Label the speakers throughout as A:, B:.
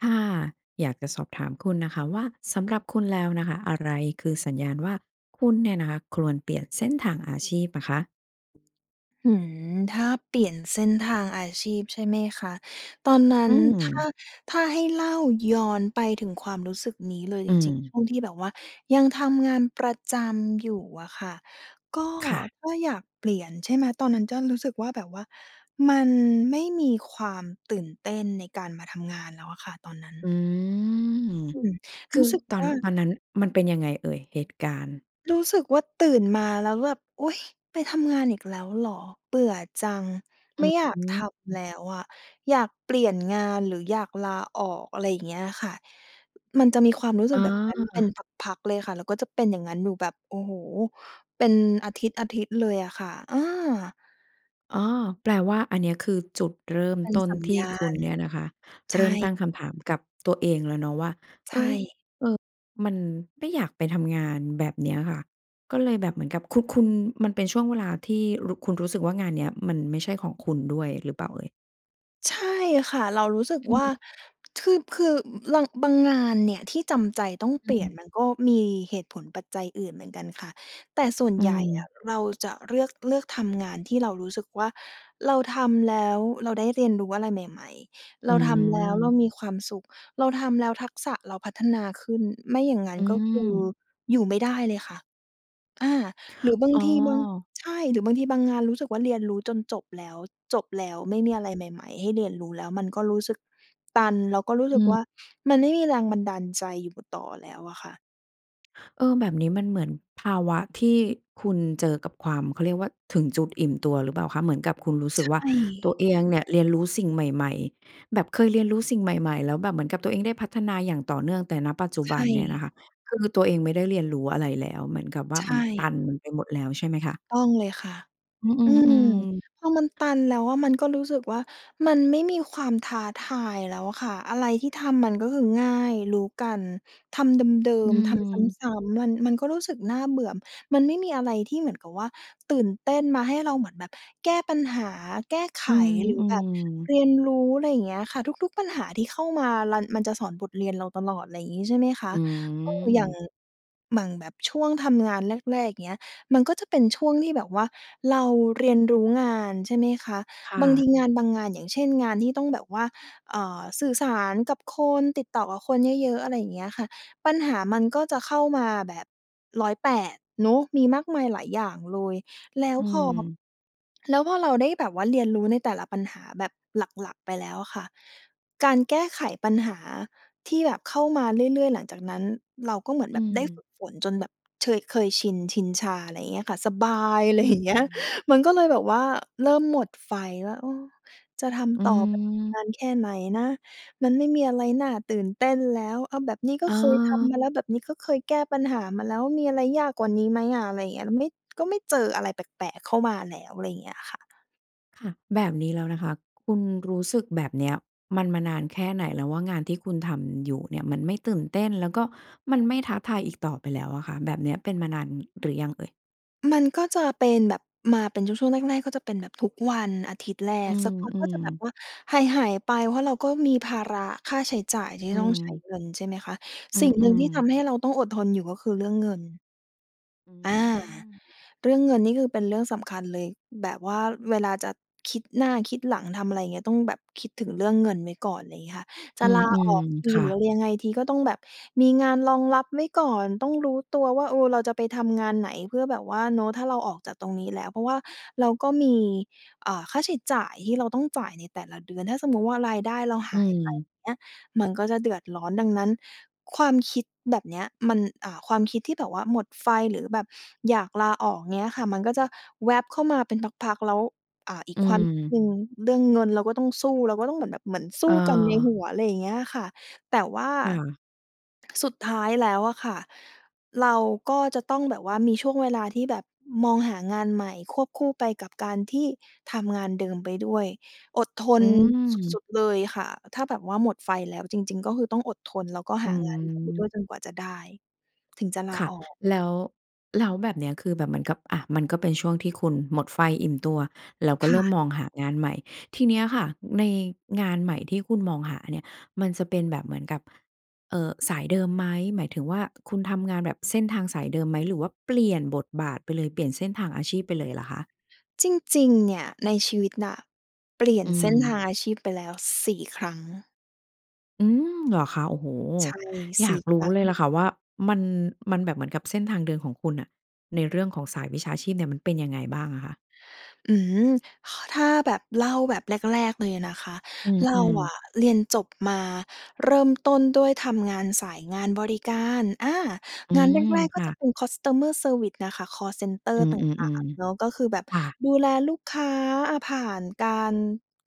A: ค่ะ อยากจะสอบถามคุณน่ะค่ะว่า สำหรับคุณแล้วน่ะค่ะ อะไรคือสัญญาณว่า คุณเนี่ยนะคะ ควรเปลี่ยนเส้นทางอาชีพอะคะ?
B: อืม ถ้าเปลี่ยนเส้นทางอาชีพใช่ไหมคะ? ตอนนั
A: อ
B: ้
A: ื
B: น ถ้า
A: ม
B: ถ้าให้เล่าย้อนไปถึงความรู้สึกนี้เลย
A: อื
B: จริง ๆ ช
A: ม
B: ่วงที่แบบว่ายังทำงานประจำอยู่อะค่ะ ก็
A: ค่ะ
B: ก็อยากเปลี่ยน ใช่ไหม ตอนนั้นก็รู้สึกว่าแบบว่ามัน ไม่มีความตื่นเต้นในการมาทำงานแล้วอะค่ะ ตอนนั้น
A: อืม
B: อืม
A: ค
B: ร
A: ื
B: ู้
A: อ
B: สึก
A: ตอ
B: ว
A: น
B: ่า
A: ตอนนั้นมันเป็นยังไงเอ่ยเหตุการณ์?
B: รู้สึกว่า ตื่นมาแล้วแบบ อุ๊ย ไปทำงานอีกแล้วเหรอ เบื่อจัง
A: อ
B: ไ
A: ื
B: ม่
A: อ
B: อยา
A: ฮ
B: กทำ
A: ึ
B: แล้วอะ อยากเปลี่ยนงาน หรืออยากลาออก อะไรอย่างเงี้ยอะค่ะ มันจะมีความรู้สึ
A: อ
B: กแบบนั้นเป็น
A: า
B: พัก ๆ เลยค่ะ แล้วก็จะเป็นอย่างนั้นอยู่แบบ โอ้โฮ เป็นอาทิตย์ ๆ เลยอะค่ะ อา
A: อ้อ แปลว่าอันเนี้ยคือจุดเริ่ม
B: เป็น
A: ต้น
B: สัญ
A: ที
B: ญ
A: ่
B: า
A: คุ
B: ณ
A: ณเนี่ยนะคะ
B: ใ
A: เร
B: ช
A: ิ่มตั
B: ่
A: ้งคำถามกับตัวเองแล้วเนาะว่า
B: ใช
A: เอ๊ย
B: ่
A: เออ มัน ไม่อยากไปทำงานแบบเนี้ยค่ะ ก็เลยแบบเหมือนกับ คุณ คุณ มันเป็นช่วงเวลาที่ รู้ คุณรู้สึกว่างานเนี้ย มันไม่ใช่ของคุณด้วยหรือเปล่าเอ่ย?
B: ใช่ค่ะ เรารู้สึก
A: อื
B: ว
A: อ
B: ่
A: ฮ
B: า
A: ึ
B: คือ คือบาง บางงานเนี่ยที่จำใจต้อง
A: อ
B: เป
A: ื
B: ลี่ยน
A: ม
B: มันก็มีเหตุผลปัจจัยอื่นเหมือนกันค่ะ แต่ส่วน
A: อื
B: ใหญ่อ
A: ม
B: ะเราจะเลือก เลือกทำงานที่เรารู้สึกว่า เราทำแล้วเราได้เรียนรู้อะไรใหม่ ๆ
A: อ
B: เร
A: ื
B: าทำแล้วเรา
A: ม
B: มีความสุข เราทำแล้วทักษะเราพัฒนาขึ้น ไม่อย่างนั้
A: อ
B: น
A: ื
B: ก็คือ
A: ม
B: อยู่ไม่ได้เลยค่ะ อา หรือบาง
A: อ้
B: ทีบาง
A: อ
B: ใช่ หรือบางทีบางงานรู้สึกว่าเรียนรู้จนจบแล้ว จบแล้วไม่มีอะไรใหม่ ๆ ให้เรียนรู้แล้ว มันก็รู้สึกตัน แล้วก็รู้
A: อ
B: สึ
A: ื
B: กว
A: ม
B: ่ามันไม่มีแรงบันดาลใจอยู่ต่อแล้วอะค่ะ
A: เออ แบบนี้มันเหมือนภาวะที่คุณเจอกับความ เขาเรียกว่าถึงจุดอิ่มตัวหรือเปล่าคะ เหมือนกับคุณรู้ส
B: ใ
A: ึ
B: ช
A: กว่าตั
B: ่
A: วเองเนี่ยเรียนรู้สิ่งใหม่ ๆ แบบเคยเรียนรู้สิ่งใหม่ ๆ แล้วแบบเหมือนกับตัวเองได้พัฒนาอย่างต่อเนื่อง แต่ ณ ปัจจุ
B: ใ
A: บ
B: ช
A: ันเนี่ยน
B: ่
A: ะคะคือตัวเองไม่ได้เรียนรู้อะไรแล้ว เหมือนกับว่า
B: ใช
A: มันต
B: ่
A: ันไปหมดแล้วใช่ไหม
B: ถ
A: ค
B: ู
A: ะ?
B: กต้องเลยค่ะ
A: อืม อ
B: อื
A: ื
B: ม
A: อ ๆ
B: พอมันตันแล้ว มันก็รู้สึกว่ามันไม่มีความท้าทายแล้วค่ะ อะไรที่ทำมันก็คือง่าย รู้กัน ทำเดิ
A: อื
B: ม ๆ ทำ
A: ม
B: ซ้ำ ๆ มัน มันก็รู้สึกน่าเบื่อ มันไม่มีอะไรที่เหมือนกับว่าตื่นเต้น มาให้เราเหมือนแบบแก้ปัญหา แก้ไข
A: อื
B: หรือแบบเ
A: ม ๆ
B: รียนรู้ อะไรอย่างเงี้ยอะค่ะ ทุก ๆ ปัญหาที่เข้ามารัน มันจะสอนบทเรียนเราตลอด อะไรอย่างงี้ ใช่ไหมค
A: อ
B: ะ
A: ื
B: เออ อย่าง
A: ม
B: หมั่ง แบบช่วงทำงานแรก ๆ อย่างเงี้ย มันก็จะเป็นช่วงที่แบบว่าเราเรียนรู้งาน ใช่ไหมคะ
A: ค่
B: บางท
A: ะ
B: ีงานบางงาน อย่างเช่น งานที่ต้องแบบว่า เอjอ สื่อสารกับคน ติดต่อกับคนเยอะ ๆ อะไรอย่างเงี้ยค่ะ ปัญหามันก็จะเข้ามาแบบ 108 เนาะ มีมากมายหลายอย่างเลย แล้ว
A: อื
B: พอ
A: ม
B: แล้วพอเราได้แบบว่าเรียนรู้ในแต่ละปัญหาแบบหลัก ๆ ไปแล้วอะค่ะ การแก้ไขปัญหาที่แบบเข้ามาเรื่อย ๆ หลังจากนั้น เราก็เหมือน
A: อ
B: แ
A: ื
B: บบได้ฝ
A: ม
B: ึกฝนจนแบบเชย เคยชิน ชินชา อะไรอย่างเงี้ยค่ะ สบาย
A: อื
B: อะ ไร อย่างเงี้ย
A: ม
B: มันก็เลยแบบว่าเริ่มหมดไฟแล้ว เออ จะท
A: อื
B: ำต่อแบบน
A: ม
B: านแค่ไหนนะ มันไม่มีอะไรน่าตื่นเต้นแล้ว เอาแบบนี้ก็เคยทำม
A: เออ
B: าแล้ว แบบนี้ก็เคยแก้ปัญหามาแล้ว มีอะไรยากกว่านี้ไหมอะ อะไรอย่างเงี้ย แล้วไม่ ก็ไม่เจออะไรแปลก ๆ เข้ามาแล้ว อะไรอย่างเงี้ยค่ะ
A: ค่ะ แบบนี้แล้วนะคะ คุณรู้สึกแบบเนี้ยมัน มานานแค่ไหนแล้วว่างานที่คุณทำอยู่เนี่ย มันไม่ตื่นเต้น แล้วก็ไม่ท้าทายอีกต่อไปแล้วอะค่ะ แบบเนี้ยเป็นมานานหรือยังเอ่ย?
B: มันก็จะเป็นแบบมาเป็นช่วง ช่วงแรก ๆ ก็จะเป็นแบบทุกวันอาทิตย์แร
A: อื
B: ก สักพักก็
A: ม
B: จะแบบ
A: ๆ
B: ว่าหาย ๆ ไป เพราะเราก็มีภาระค่าใช้จ่ายที่
A: อื
B: ต้องใช้
A: ม
B: เงิน ใช่ไหมคะ
A: อื
B: สิ่งหนึ่ง
A: ม
B: ที่ท
A: ๆ
B: ำให้เราต้องอดทนอยู่ก็คือเรื่องเงิน
A: อื
B: อา
A: ม
B: เรื่องเงินนี่คือเป็นเรื่องสำคัญเลย แบบว่าเวลาจะคิดหน้าคิดหลัง ทำอะไร อย่างเงี้ย ต้องแบบคิดถึงเรื่องเงินไว้ก่อน ไรเงี้ยค่ะ จ
A: อื
B: ะลาอ
A: ม
B: อกท
A: ๆ
B: ี
A: ค่
B: หรือ
A: ะ
B: อะไรยังไงที ก็ต้องแบบมีงานรองรับไว้ก่อน ต้องรู้ตัวว่า เออ เราจะไปทำงานไหนเพื่อแบบว่า เนาะ ถ้าเราออกจากตรงนี้แล้ว เพราะว่าเราก็มี อ่า ค่าใช้จ่ายที่เราต้องจ่ายในแต่ละเดือน ถ้าสมมุติว่ารายได้เรา
A: อ
B: ห
A: ื
B: ายไป
A: ม
B: อย่างเงี้ย มันก็จะเดือดร้อน ดังนั้นความคิดแบบเนี้ยมัน อ่า ความคิดที่แบบว่าหมดไฟ หรือแบบอยากลาออก อย่างเงี้ยค่ะ มันก็จะแวบเข้ามาเป็นพัก ๆ แล้ว อ่า อี
A: อ
B: ก
A: ื
B: ความคิด
A: ม
B: หนึ่ง เรื่องเงินเราก็ต้องสู้ เราก็ต้องเหมือนแบบ เหมือนส
A: เ
B: ู้กันในห
A: ออ
B: ัว อะไรอย่างเงี้ยค่ะ แต่ว่า
A: ค่ะ
B: สุดท้ายแล้วอะค่ะเราก็จะต้องแบบว่ามีช่วงเวลาที่แบบมองหางานใหม่ควบคู่ไปกับการที่ทำงานเดิมไปด้วย อดท
A: อื
B: นส
A: ม
B: ุด ๆ เลยค่ะ ถ้าแบบว่าหมดไฟแล้วจริง ๆ ก็คือต้องอดทน แล้วก็
A: อื
B: หางานใหม่ไปด
A: อ
B: ้วยจนกว่าจะได้ ถึงจะลา
A: ค่ะ
B: ออก
A: แล้ว แล้วแบบเนี้ยคือแบบเหมือนกับ อา มันก็เป็นช่วงที่คุณหมดไฟ อิ่มตัว แล้วก
B: ค
A: ็เ
B: ่
A: ริ่ม
B: ะ
A: มองหางานใหม่ ทีเนี้ยค่ะ ในงานใหม่ที่คุณมองหาเนี่ย มันจะเป็นแบบเหมือนกับ เอ่อ สายเดิมไหม หมายถึงว่าคุณทำงานแบบเส้นทางสายเดิมไหม หรือว่าเปลี่ยนบทบาทไปเลย เปลี่ยนเส้นทางอาชีพไปเลยเหรอคะ?
B: จริง ๆ เนี่ยในชีวิตน่ะเปลี่ย
A: อ
B: น
A: ื
B: เส้นท
A: ม
B: างอาชีพไปแล้ว 4 ครั้ง
A: อืม เหรอคะ โอ้โฮ!
B: ใช่
A: อย
B: ส
A: า
B: ี่
A: กร
B: ค
A: ู
B: ร
A: ้
B: ั้
A: เลยล่
B: ง
A: ะค่ะว่ามัน มันแบบเหมือนกับเส้นทางเดินของคุณน่ะ ในเรื่องของสายวิชาชีพเนี่ย มันเป็นยังไงบ้างอะคะ?
B: อืม ขอ ถ้าแบบเล่าแบบแรก ๆ เลยนะคะ
A: อ
B: เร
A: ื
B: า
A: ม
B: อ
A: ๆ
B: ะเรียนจบมาเริ่มต้นด้วยทำงานสายงานบริการ อา
A: อื
B: งานแ
A: ม
B: รก ๆ
A: ค
B: ก็
A: ่
B: จะ
A: ะ
B: เป็น customer service น่ะค่ะ คอลเซนเตอร
A: อื
B: ์ต่า
A: ม
B: ง ๆ เนาะ
A: ๆ
B: ก็คือแบบ
A: ๆ ค่ะ
B: ดูแลลูกค้า อ่า ผ่านการ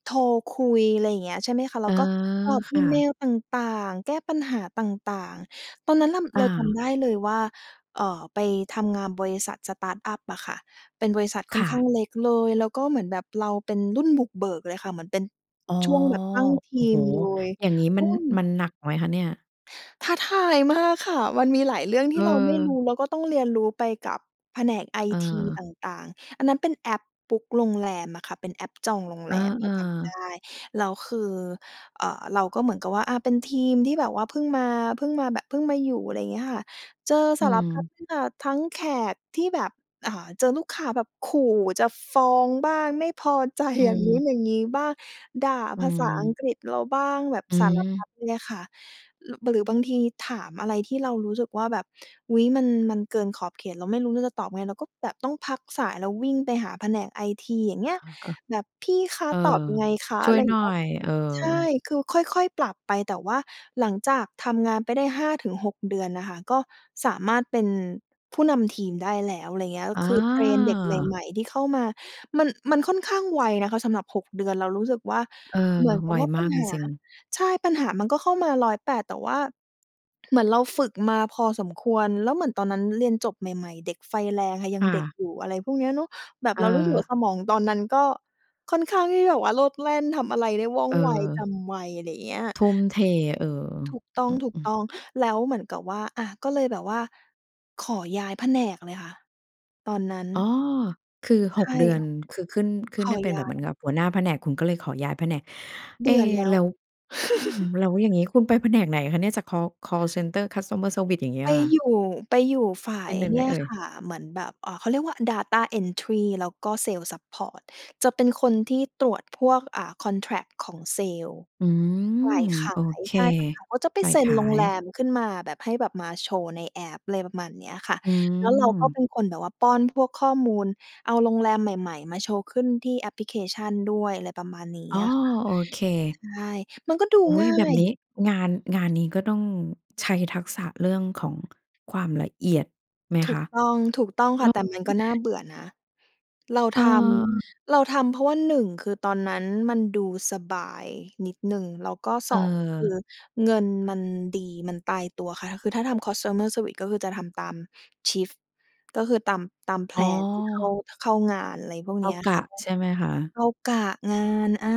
B: โทรคุย อะไรอย่างเงี้ย ใช่ไหมคะ เ
A: เ
B: ร
A: อ
B: า
A: อ
B: ก็ตอบ
A: ค
B: อี
A: ่
B: เม
A: ะ
B: ลต่าง ๆ แก้ปัญหาต่าง ๆ ตอนนั้นอะ
A: อ
B: เราจำ
A: า
B: ได้เลยว่า เอ่อ ไปทำงานบริษัท สตาร์ตอัป อะค่ะ เป็นบริษัทค่
A: ค
B: อน
A: ่
B: ข้
A: ะ
B: างเล็กเลย แล้วก็เหมือนแบบเราเป็นรุ่นบุกเบิกเลยค่ะ เหมือนเป็น
A: อ๋อ
B: ช่วงแบบตั้งท
A: โอ
B: ี
A: ้โฮ
B: มเลย
A: อย่างงี้
B: อ
A: มั
B: ื
A: น
B: ม
A: มันหนักไหมคะเนี่ย?
B: ท้าทายมากค่ะ มันมีหลายเรื่องที่เราไม่ร
A: เออ
B: ู้ แล้วก็ต้องเรียนรู้ไปกับแผนกไอ
A: เ
B: ที
A: ออ
B: ต่าง ๆ อันนั้นเป็นแอป บุ๊ก โรงแรมอะค่ะ เป็นแอปจองโรง
A: เอ
B: แ
A: อ
B: รมเราจำได
A: ๆ
B: ้ แล้วคือ เอ่อ เราก็เหมือนกับว่า อ่า เป็นทีมที่แบบว่าเพิ่งมา เพิ่งมาแบบ เพิ่งมาอยู่ อะไรอย่างเงี้ยค่ะ เจอ
A: อื
B: สารพัด
A: ม
B: อ่า ทั้งแขกที่แบบ อ่า เจอลูกค้าแบบขู่จะฟ้องบ้าง ไม่พอ ใจ
A: อื
B: อย่างงู้น
A: ม
B: อย่างงี้บ้าง ด่า
A: อื
B: ภาษาอัง
A: ม
B: กฤษเราบ้าง แบบ
A: อื
B: สารพั
A: ม
B: ดเลยค่ะ หรึ หรือบางทีถามอะไรที่เรารู้สึกว่าแบบ อุ๊ย มัน มันเกินขอบเขต เราไม่รู้ว่าจะตอบยังไง เราก็แบบต้องพักสายแล้ววิ่งไปหาแผนกไอที อย่างเ
A: อ
B: งี
A: ะ
B: ้ย
A: ฮะ
B: แบบ "พี่คะ
A: เออ
B: ตอบ
A: เออ
B: ไงคะ?"
A: ช
B: อ
A: ่
B: ะ
A: ว
B: ไร
A: ย
B: อย่
A: หน
B: าง
A: ่
B: เ
A: อ
B: งี้ย
A: ย เออ
B: ใช่ คือค่อย ๆ ปรับไป แต่ว่าหลังจากทำงานไปได้ 5-6 น่ะค่ะ ก็สามารถเป็นผู้นำทีมได้แล้ว อะไรอย่างเงี้ย
A: อ
B: คือเทรนเด็กใ
A: า
B: หม่ ๆ ที่เข้ามา มัน มันค่อนข้างไวนะคะสำหรับ 6 เดือน เรารู้สึกว่า
A: เออ
B: เหมือนก
A: บ
B: ับ
A: ่อ
B: ว
A: ย
B: ่า
A: ม
B: ปั
A: า
B: ญ
A: กจ
B: หา
A: ริง ๆ
B: ใช่ ปัญหามันก็เข้ามาร้อยแปด แต่ว่า เหมือนเราฝึกมาพอสมควร แล้วเหมือนตอนนั้นเรียนจบใหม่ ๆ เด็กไฟแรงค่ะ ยั
A: ค
B: ง
A: ่
B: เด็
A: ะ
B: กอยู่ อะไรพวกเนี้ยเนาะ แบบ
A: เ
B: เรารู้สึกว่
A: ออ
B: าสมองตอนนั้นก็ค่อนข้างที่แบบว่าโลดแล่น ทำอะไรได้ว่อง
A: เ
B: ไว จ
A: ออ
B: ำไว อะไรอย่างเงี้ย
A: ทุ่มเท เออ
B: ถูกต้
A: อือ ๆ
B: อง ๆ แล้วเหมือนกับว่า อ่า ก็เลยแบบว่าขอย้ายแผนกเลยค่ะ ตอนนั้น
A: อ้อ คือ ห
B: ใช
A: ก
B: ่
A: เดือนคือขึ้น ข
B: ข
A: ึ้นไ
B: อ
A: ด้เป็น
B: ย
A: แ
B: ้
A: บ
B: า
A: บเหมือน
B: ย
A: กับหัวหน้าแผนก คุณก็เลยขอย้ายแผนก
B: เ
A: เ
B: บ
A: อ
B: ื่อแล้
A: แล
B: ว
A: ้ว อืม แล้วอย่างงี้คุณไปแผนกไหนคะเนี่ย จากคอล คอลเซนเตอร์ customer service อย่างเงี้ย
B: ไป
A: ค่ะ?
B: อยู่ ไปอยู่ฝ่า
A: เป็
B: ย
A: นแบบไห
B: เ
A: น
B: นี่
A: เ
B: ย
A: อ่ย?
B: ค่ะ เหมือนแบบ อ่า เขาเรียกว่า data entry แล้วก็เซลส์ซัปพอร์ต จะเป็นคนที่ตรวจพวก อ่า contract ของเซลส์
A: อื
B: ฝ่
A: ม
B: ายข
A: โอ
B: าย
A: เค
B: ใช่ ฝ่ายขายเขาจะไป
A: ฝ่า
B: เ
A: ย
B: ซ็
A: ข
B: น
A: า
B: โรงแร
A: ย
B: มขึ้นมาแบบให้แบบมาโชว์ในแอป อะไรประมาณเนี้ยค่ะ
A: อื
B: แล้วเราก็
A: ม
B: เป็นคนแบบว่าป้อนพวกข้อมูล เอาโรงแรมใหม่ ๆ มาโชว์ขึ้นที่แอปพลิเคชันด้วย อะไรประมาณนี้
A: อ๋อ
B: อะค่ะ
A: โอเค
B: ใช่ มันก็ดู
A: อุ๊
B: ง
A: ย!
B: ่า
A: แบบ
B: ย
A: นี้งาน งานนี้ก็ต้องใช้ทักษะเรื่องของความละเอียดไหม
B: ถ
A: ค
B: ูก
A: ะ?
B: ต้อง ถูกต้อง
A: แ
B: ค
A: ล
B: ่
A: ้
B: ะ
A: ว
B: แต่มันก็น่าเบื่อนะ เรา
A: อ
B: ท
A: า
B: ำ เราทำ เพราะว่า 1 คือตอนนั้นมันดูสบายนิดหนึ่ง แล้วก็ 2 คื
A: เออ
B: อเงินมันดี มันตายตัวค่ะ ค คือถ้าทำ customer service ก็คือจะทำตาม shift ก็คือตาม ตามแพ
A: อ๋
B: ลนที่เข้า
A: อ
B: เข้างาน อะไรพวก
A: เข
B: เ
A: ้
B: น
A: า
B: ี้ย
A: ก
B: ค่
A: ะ
B: ะ ก็
A: ใช่ไหมคะ?
B: เข้ากะงาน อา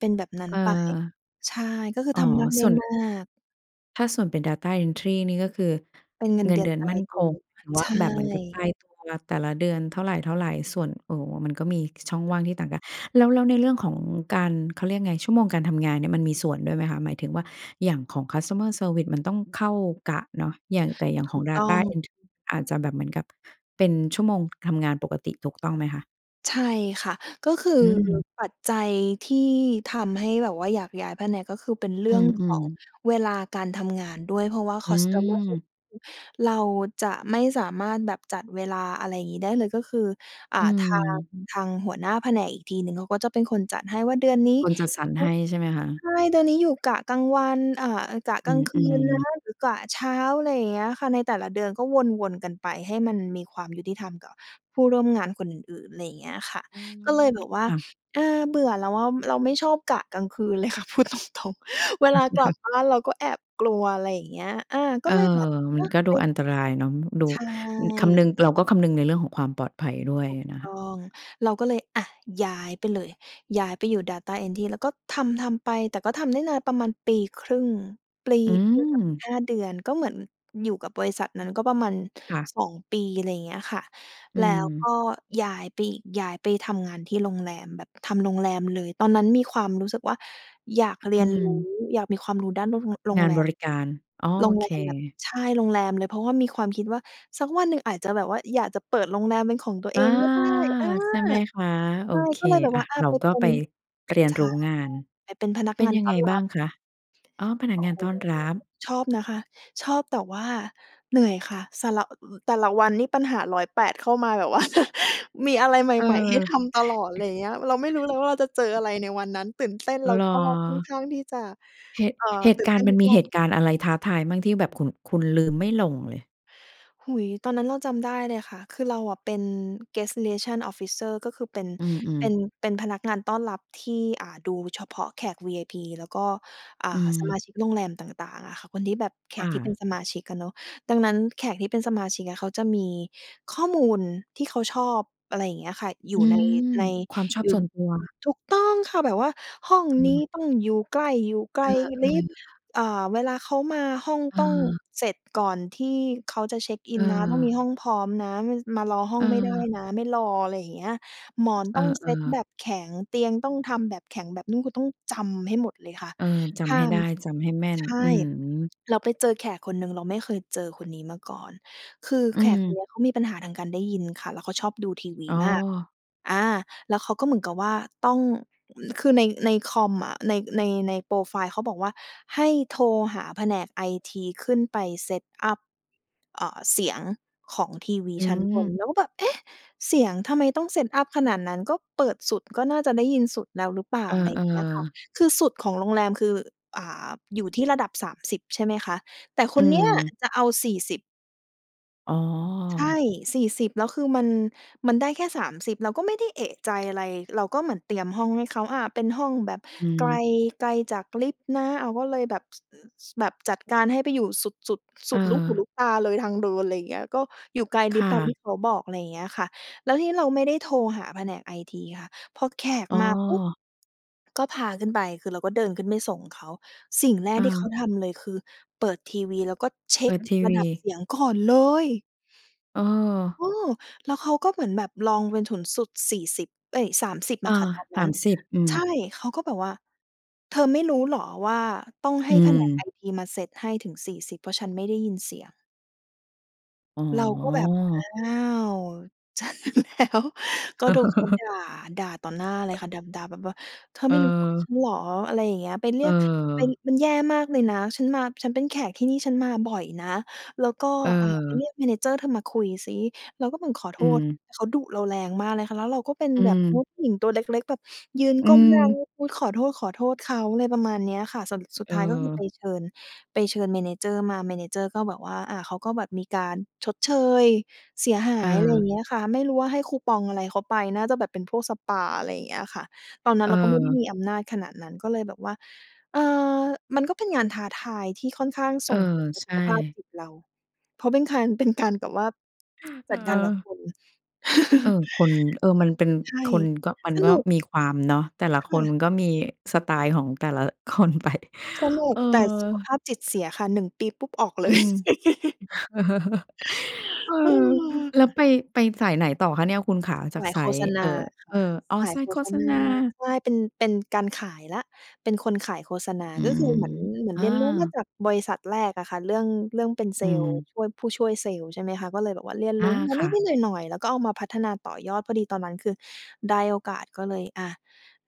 B: เป็นแบบนั้
A: เ
B: นไป
A: ออ
B: ใช่ ก็คือ
A: อ๋อ
B: ทำมากได
A: ส
B: ้
A: ่วน
B: มาก
A: ถ้าส่วนเป็น Data Entry นี่ก็คือ
B: เป็นเงิน
A: เงิ
B: เด
A: น
B: ื
A: เ
B: อ
A: ด
B: น
A: ือน
B: ตา
A: มั่
B: ย
A: น
B: ต
A: ค
B: ัว
A: ง ถือว
B: ใ
A: ่
B: ช
A: า แบบเหมือนกับต
B: ่
A: ายตัว แต่ละเดือนเท่าไร ๆ ส่วน โอ้โฮ มันก็มี ค ช่องว่างที่ต่างกัน แล้ว แล้วในเรื่องของการ เขาเรียกไง ชั่วโมงการทำงานเนี่ยมันมีส่วนด้วยไหมคะ หมายถึงว่า อย่างของ Customer Service มันต้องเข้ากะเนาะ อย่าง แต่อย่าง
B: ถ
A: ข
B: ู
A: อง
B: กต้อ
A: Data
B: ง
A: Entry อาจจะแบบเหมือนกับเป็นชั่วโมงทำงานปกติ ถูกต้องไหมคะ?
B: ใช่ค่ะ ก็คือ
A: อืม
B: ปัจจัยที่ทำให้แบบว่าอยากย้ายแผนก ก็คือเป็นเร
A: อ
B: ื่
A: ื
B: องขอ
A: ม
B: ง
A: ๆ
B: เวลาการทำงานด้วย เพราะว่า
A: อื
B: Customer Service
A: ม
B: เราจะไม่สามารถแบบจัดเวลา อะไรงี้ ได้เลย ก็คือ อ่
A: อ
B: า
A: ื
B: ทาง
A: ม
B: ทางหัวหน้าแผนกอีกทีหนึ่งเขาก็จะเป็นคนจัดให้ว่า เดือนนี้
A: คนจัดสรรให้
B: [unintelligible]
A: ใช่ไหมคะ?
B: ใช่ เดือนนี้อยู่กะกลางวัน อ่า กะ
A: อ
B: ก
A: ื
B: ลางคืนนะ
A: ม ๆ
B: หรือกะเช้า อะไรอย่างเงี้ยค่ะ ในแต่ละเดือนก็วน ๆ กันไปให้มันมีความยุติธรรมกับผู้ร่วมงานคนอื่น ๆ ไรเงี้ยค่ะ
A: อื
B: ก็เลย
A: ม
B: แบบว่า
A: ค่ะ
B: อา เบื่อแล้วอะ เราไม่ชอบกะกลางคืน เลยค่ะพูดตรง ๆ เวลากลับบ้านเราก็แอบกลัว อะไรอย่างเงี้ย อา ก
A: เ
B: ็
A: ออ
B: เลยแบบ เ
A: มั
B: นา
A: น
B: ะ
A: ก็ดู
B: ไป
A: อันตรายเนาะ อืม ดู
B: ใช
A: อือ คำนึ
B: ่
A: ง เราก็คำนึงในเรื่องของความปลอดภัยด้วย
B: ถูก
A: นะ
B: ต
A: ค
B: ้
A: ะ
B: อง เราก็เลย อา ย้ายไปเลย ย้ายไปอยู่ Data Entry แล้วก็ทำ ๆ ไป แต่ก็ทำได้นาน ประมาณปี 1/2 ปลี
A: อื
B: ปีกับ
A: ม
B: 5 เดือน ก็เหมือนอยู่กับบริษัทนั้น ก็ประมาณ
A: ค่ะ
B: 2 ปี ไรเงี้ยค่ะ
A: อื
B: แล้วก
A: ม
B: ็ย้ายไป อ ย้ายไปทำงานที่โรงแรม แบบทำโรงแรมเลย ตอนนั้นมีความรู้สึกว่าอยากเรี
A: อื
B: ยนรู้
A: ม
B: อยากมีความรู้ด้าน ด โรง โร
A: ง
B: ง
A: า
B: แ
A: น
B: ร
A: บ
B: ม
A: ริการ อ้อ
B: โร
A: โอ
B: งแ
A: เ
B: รมแบบ
A: ค
B: ใช่ โรงแรมเลย เพราะว่ามีความคิดว่าสักวันหนึ่งอาจจะแบบว่าอยากจะเปิดโรงแรมเป็นของตัว
A: อ
B: เ
A: า
B: องก็ได้ อา
A: ใช่ไหมคะ โอ
B: ใช่
A: เค
B: ก็เลยแบบ
A: อา
B: ว่า อา
A: เรา
B: ไป
A: ก็
B: เป็
A: ไป
B: น
A: เรียน
B: ใช
A: ร
B: ่
A: ู้งาน
B: ไปเป็นพนัก
A: เป็
B: ง
A: น
B: าน
A: ยั
B: ต
A: ง
B: ้
A: ไง
B: อนร
A: บ
B: ั
A: ้า
B: บ
A: งคะ? อ๋อ พนั
B: โ
A: ก
B: อ้
A: งาน
B: โฮ
A: ต้อนรับ
B: ชอบนะคะ ชอบ แต่ว่าเหนื่อยค่ะ สละ อือ อ แต่ละวันนี่ปัญหา 108 เข้ามาแบบว่า มีอะไรใ
A: เอ
B: หม่ ๆ ให้
A: อ
B: ทำตลอด ไรอย่างเงี้ย เราไม่รู้เลยว่าเราจะเจออะไรในวันนั้น ตื่นเต้น แล้
A: เ
B: ว
A: หรอ?
B: ก็ค่อนข้างที่จะ
A: เหตุ
B: เอ่อ
A: เหต
B: ต
A: ุ
B: ื่น
A: กา
B: เต
A: ร
B: ้
A: ณ์
B: น
A: ม
B: ท
A: ัน
B: ุก
A: มี
B: ว
A: เห
B: ัน
A: ตุการณ์อะไรท้าทายมั่งที่แบบ ขุ่น คุณลืมไม่ลงเลย?
B: โอ้โฮ ตอนนั้นเราจำได้เลยค่ะ คือเราอะเป็น Guest Relations Officer ก็คือ เป็น
A: อืม
B: เป็
A: ๆ
B: น เป็นพนักงานต้อนรับที่ อ่า ดูเฉพาะแขก VIP แล้วก็ อ่
A: อื
B: า สม
A: ม
B: าชิกโรงแรมต่าง ๆ อะค่ะ คนที่แบบ แข
A: ค่
B: กที่เป็น
A: ะ
B: สมาชิกอะเนาะ ดังนั้นแขกที่เป็นสมาชิกอะเขาจะมีข้อมูลที่เขาชอบ อะไรอย่างเงี้ยค่ะ อย
A: อื
B: ู่ใน
A: ม
B: ใน
A: ความชอบ
B: อยู่
A: ส่วนตัว
B: ถูกต้องค่ะ แบบว่าห้อง
A: อื
B: นี้
A: ม
B: ต้องอยู่ใกล้ อยู่ไก
A: เ
B: ล
A: ออ
B: ลิฟต์
A: ๆ ค่ะ
B: อ่า เวลาเขามา ห้องต้อง
A: เออ
B: เสร็จก่อนที่เขาจะเช็กอินนะ ต้อง
A: เออ
B: มีห้องพร้อมนะ มา ส มารอห้องไม่ได้
A: เออ
B: นะ ไม่รอ ไรอย่างเงี้ย หมอน
A: เอ
B: ต้อ
A: อ
B: งเซตแบ
A: ๆ
B: บแข็ง เตียงต้องทำแบบแข็ง แบบนุ่ม ก็ต้องจำให้หมดเลยค่ะ
A: เออ จ
B: ห้
A: ำให
B: า
A: ้ไ
B: ม
A: ด้
B: ส
A: จำให้แม่น
B: ใช
A: อื
B: ่
A: อ
B: เราไปเจอแขกคนหนึ่ง เราไม่เคยเจอคนนี้มาก่อน คือ
A: อื
B: แขกคน
A: ม
B: เนี้ย เขามีปัญหาทางการได้ยินค่ะ แล้วเขาชอบดูทีวี
A: อ๋
B: มาก
A: อ
B: อา แล้วเขาก็เหมือนกับว่า ต้อง อือ คือใน ในคอมอะ ใน ใน ในโพรไฟล์เขาบอกว่า "ให้โทรหาแผนกไอทีขึ้นไป Set up อ่า เสียงของทีวี
A: อื
B: ชั้นบ
A: ม
B: น" เราก็แบบ เอ๊ะ เสียง ทำไมต้อง Set up ขนาดนั้น ก็เปิดสุดก็น่าจะได้ยินสุดแล้วหรือเปล่
A: เ
B: า
A: ออ
B: อะไรเงี้ยค่ะ
A: ๆ
B: คือสุดของโรงแรมคือ อ่า อยู่ที่ระดับ 30 ใช่ไหมคะ แต่ค
A: อื
B: นเนี้ย
A: ม
B: จะเอา 40
A: อ๋อ
B: ใช่ 40 แล้วคือมัน มันได้แค่ 30 เราก็ไม่ได้เอะใจอะไร เราก็เหมือนเตรียมห้องให้เขา อ่า เป็นห้องแบบ
A: อื
B: ไกล
A: ม
B: ไกลจากลิฟท์นะ อ้าว ก็เลยแบบ ส ส แบบจัดการให้ไปอยู่สุด สุด ส
A: เ
B: ุดลูกหู
A: ออ
B: ลูกตาเลย ทางเดิน ไรอย่างเงี้ย ก็อยู่ไกล
A: ค
B: ลิฟ
A: ่
B: ท์ตามที
A: ะ
B: ่เขาบอก อะไรอย่างเงี้ยค่ะ แล้วทีนี้เราไม่ได้โทรหาแผนกไอทีค่ะ พอแขก
A: อ้
B: มาปุ๊บ
A: อ
B: ก็พาขึ้นไป คือเราก็เดินขึ้นไปส่งเขา สิ่งแรก
A: อ
B: ที่เข
A: า
B: าทำเลย คือเปิดทีวี แล้วก็เช็
A: เปิ
B: ก
A: ดที
B: ร
A: ว
B: ะด
A: ี
B: ับเสียง ก่อนเลย เ
A: เออ
B: ออ แล้วเขาก็เหมือนแบบลองเป็นถุนสุด 40 เอ๊ย 30
A: เอ
B: อ
A: อ
B: ะค่ะ ตอน
A: ส
B: นั้
A: า
B: น
A: มสิบ อื
B: ใ
A: ม
B: ช่ เขาก็บอกว่า "เธอไม่รู้เหรอว่า ต้องให
A: อ
B: ้
A: ื
B: แผนก
A: ม
B: ไอทีมาเซตให้ถึง 40 เพราะฉันไม่ได้ยินเสียง"
A: อ๋
B: เราก็แบบ
A: อ
B: อ้าว เจอแล้ว ก็โดนเขาด่า ด่าต่อหน้าเลยค่ะ ด ด่าแบบว่า "เธอไม่รู้จักฉ
A: เออ
B: ันเหรอ อะไรอย่างเงี้ย ไปเรียก ไป
A: เออ
B: มันแย่มากเลยนะ ฉันมา ฉันเป็นแขกที่นี่ ฉันมาบ่อยนะ แล้วก็ อ่า ไป
A: เออ
B: เรียก Manager เธอมาคุยซิ" เราก็เหมือนขอโ
A: อ
B: ท
A: ื
B: ษ
A: ม
B: เขาดุเราแรงมากเลยค่ะ แล้วเราก็เป็น
A: อื
B: แบบ โอ
A: ม
B: ้ ผู้หญิงตัวเล็ก ๆ แบบ ยืน
A: อื
B: ก้มหน้า
A: ม
B: งุด ๆ ขอโทษ ขอโทษเขา ไรประมาณเนี้ยค่ะ สรุป สุด
A: เ
B: ท้ายก็คือ
A: ออ
B: ไปเชิญ ไปเชิญ Manager มา Manager ก็บอกว่า อ่า เขาก็แบบมีการชดเชย เสียหาย อะไรอย่า
A: เออ
B: งเงี้ยค่ะ ไม่รู้ว่าให้คูปองอะไรเขาไป น่าจะแบบเป็นพวกสปา อะไรอย่างเงี้ยค่ะ ตอนนั้นเราก็ไม่ได้
A: เออ
B: มีอำนาจขนาดนั้น ก็เลยแบบว่า เออ มันก็เป็นงานท้าทายที่ค่อนข้าง
A: เอ
B: ส
A: อ
B: ่งผลต่อ
A: ใช
B: สุ
A: ่
B: ขภาพจิตเรา เพราะ เป็นคาร เป็นการ แบบว่า จัดการกับ
A: เออ
B: คน
A: เออ คน เออ มันเป็น
B: ใช่
A: คนก็ มัน
B: ส
A: ก็
B: นุก
A: มีความ เนาะ แต่ละ
B: ค
A: ค
B: ่
A: น
B: ะ
A: มันก็มีสไตล์ของแต่ละ คนไป
B: สนุ
A: เออ
B: ก แต่สุขภาพจิตเสียค่ะ 1 ปี ปุ๊บ ออกเ
A: อ
B: ล
A: ื
B: ย
A: ม เออ
B: เออ
A: แล้วไป ไปสายไหนต่อคะเนี่ย คุณขา? จา
B: ส
A: ก
B: าย
A: สา
B: โฆ
A: ย
B: ษณ
A: เอ่
B: า
A: อ
B: ค
A: เ
B: ่
A: ออ
B: ะ
A: อ๋อ
B: สาย
A: สา
B: โ
A: ย
B: ฆ
A: โฆ
B: ษ
A: ษ
B: ณ
A: ณ
B: า
A: า
B: ใช่ เป็น เป็นการขายแล้ว เป็นคนขายโฆษณา
A: อื
B: ก็ค
A: ม
B: ือเหมือน เหมือ
A: อ
B: นเรียนรู้มา
A: า
B: จากบริษัทแรกอะค่ะ เรื่อง เรื่องเป็นเซ
A: อื
B: ลส์
A: ม
B: ช่วย ผู้ช่วยเซลส์ ใช่ไหมคะ ก็เลยแบบว่าเรียน
A: อ
B: รู
A: า
B: ้มา
A: ค
B: น
A: ่ะ
B: ิด ๆ หน่อย ๆ แล้วก็เอามาพัฒนาต่อยอด พอดีตอนนั้น คือได้โอกาส ก็เลยอะ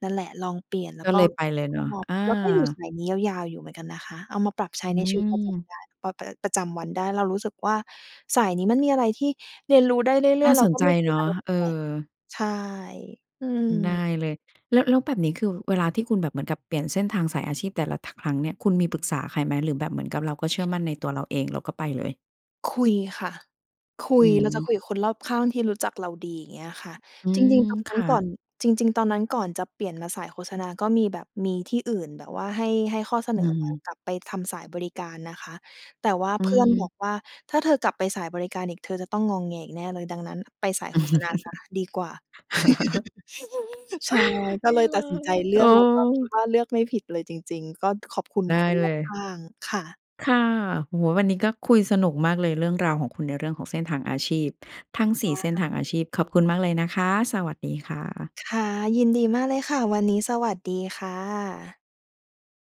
B: นั่นแหละ ลองเปลี่ยนแล้
A: ก
B: ว
A: ็
B: ก
A: เ
B: ็
A: ลยไปเลย
B: ช
A: เนา
B: อ
A: ะ
B: บ
A: อ
B: แล้วก็อยู่ส
A: า
B: ายนี้ยาว ๆ อยู่เหมือนกันนะคะ เอามาปรับใช
A: อ
B: ้
A: ื
B: ในชีวิตประจำ
A: อ
B: ได้ ป ป ประจำวันได้ เรารู้สึกว่า สายนี้มันมีอะไรที่เรียนรู้ได้เรื
A: น
B: ่
A: ่
B: อ
A: า
B: ย ๆ แล
A: ส
B: ้ว
A: น
B: ก็
A: ใจ
B: ไม่เจ
A: เ
B: อ
A: น
B: อ
A: า
B: ะ
A: ะ
B: ไรแ
A: เอ
B: ปลก
A: อ
B: ๆ ใช่ อืม
A: ได้เลย แล้ว แล้วแบบนี้ คือเวลาที่คุณแบบเหมือนกับเปลี่ยนเส้นทางสายอาชีพแต่ละทะ ครั้งเนี่ย คุณมีปรึกษาใครไหม? หรือแบบเหมือนกับเราก็เชื่อมั่นในตัวเราเอง เราก็ไปเลย?
B: คุยค่ะ คุ
A: อื
B: ย เราจะค
A: ม
B: ุยกับคนรอบข้างที่รู้จักเราดี อย่างเงี้ยค่ะ
A: อื
B: จ
A: ม
B: ริง ๆ ตอน
A: ค
B: นั้น
A: ่
B: ก่
A: ะ
B: อน จริง ๆ ตอนนั้นก่อนจะเปลี่ยนมาสายโฆษณา ก็มีแบบ มีที่อื่นแบบว่าให้ ให้ข้อเส
A: อื
B: นอมา
A: ม
B: กลับไปทำสายบริการนะคะ แต่ว่า
A: อื
B: เพื่อนบอ
A: ม
B: กว่า "ถ้าเธอกลับไปสายบริการอีก เธอจะต้องงอแงอีกแน่เลย ดังนั้นไปสายโฆษณาเสียดีกว่า" ใช่ ก็
A: นี
B: เล
A: ่
B: ย
A: เ
B: ต
A: ล
B: ัดสินใจ
A: ย
B: เล
A: เ
B: ื
A: อ
B: อก แล้วก็คิด
A: อ
B: ว่า เลือกไม่ผิดเลยจริง ๆ ก็ ขอบคุณ
A: ได้
B: คน
A: เล
B: รอบข
A: ย
B: ้าง ค่ะ
A: ค่ะ โอ้โฮ วันนี้ก็คุยสนุกมากเลย เรื่องราวของคุณในเรื่องของเส้นทางอาชีพ ทั้ง ส
B: ว
A: ี่
B: ้
A: เส้น
B: า
A: ทางอาชีพ ขอบคุณมากเลยนะคะ สวัสดีค่ะ
B: ค่ะ ยินดีมากเลยค่ะ วันนี้สวัสดีค่ะ